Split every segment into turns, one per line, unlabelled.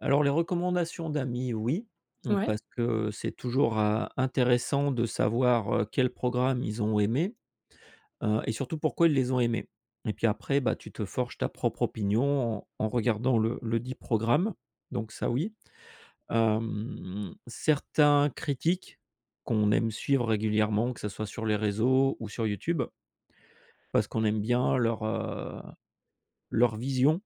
Alors les recommandations d'amis, oui. Mmh, parce
Mouais.
que c'est toujours à intéressant de savoir, heu, quel programme ils ont aimés. Heu et surtout pourquoi ils les ont aimés et puis après, bah tu te forges ta propre opinion en en regardant le le dit programme. Donc ça oui. Hem, certains critiquent qu'on aime suivre régulièrement, que ce soit sur les réseaux ou sur YouTube. Parce qu'on aime bien leur, heu, leur vision,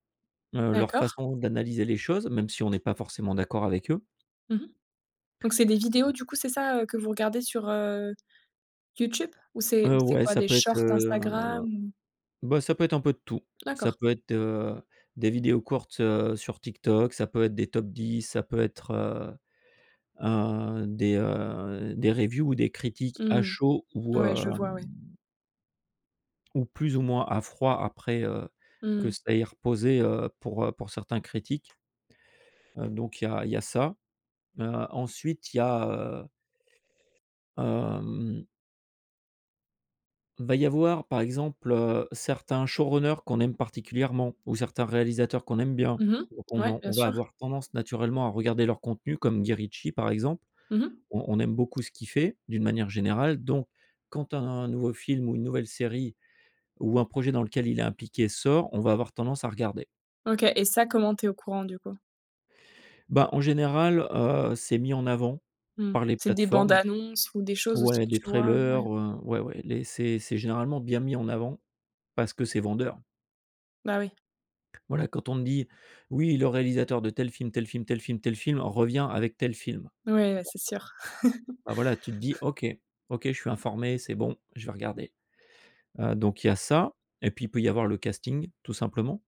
heu, leur
D'accord.
façon d'analyser les choses, même si on n'est pas forcément d'accord avec eux.
Mmh mh. Donc c'est des vidéos du coup, c'est ça, heu, que vous regardez sur, heu, YouTube? Ou c'est ou
Heu,
c'est
ouais
quoi
ça
des
peut être,
shorts
heu,
Instagram?
bah ça peut être un peu de tout. Ça
D'accord.
peut être, heu, des vidéos courtes, heu, sur Tiktok. Ça peut être des top 10, ça peut être, heu, un des, heu, des reviews ou des critiques
Mmh
à
mh.
chaud ou
Ouais, je vois, ouais.
hem ou plus ou moins à froid après, heu,
Mmh
que
mh.
ça ait reposé, heu, pour, heu, pour certains critiques. Heu, donc il y a il y a ça, heu, ensuite il y a, heu Hem Il va y avoir par exemple, heu, certains showrunners qu'on aime particulièrement ou certains réalisateurs qu'on aime bien
Mmh
ou
mh,
qu'on
ouais
en
bien
on va
sûr.
avoir tendance naturellement à regarder leurs contenus comme Guy Ritchie par exemple.
Mmh mh.
On on aime beaucoup ce qu'il fait, d'une manière générale donc quand un nouveau film ou une nouvelle série ou un projet dans lequel il est impliqué sort, on va avoir tendance à regarder.
OK et ça, comment tu es au courant, du coup?
Bah, en général, heu, c'est mis en avant
Mmh,
par les
c'est des bandes
plateformes.
annonces ou des choses aussi
Ouais
que
des
tu vois?
trailers,
Ouais.
heu, ouais, ouais, les c'est c'est généralement bien mis en avant parce que c'est vendeur.
Bah oui.
Voilà quand on te dit: «Oui le réalisateur de tel film, tel film, tel film, tel film revient avec tel film».
Ouais, bah c'est sûr.
Bah voilà, tu te dis: «OK, OK. Je suis informé, c'est bon je vais regarder» heu, donc il y a ça et puis il peut y avoir le casting tout simplement.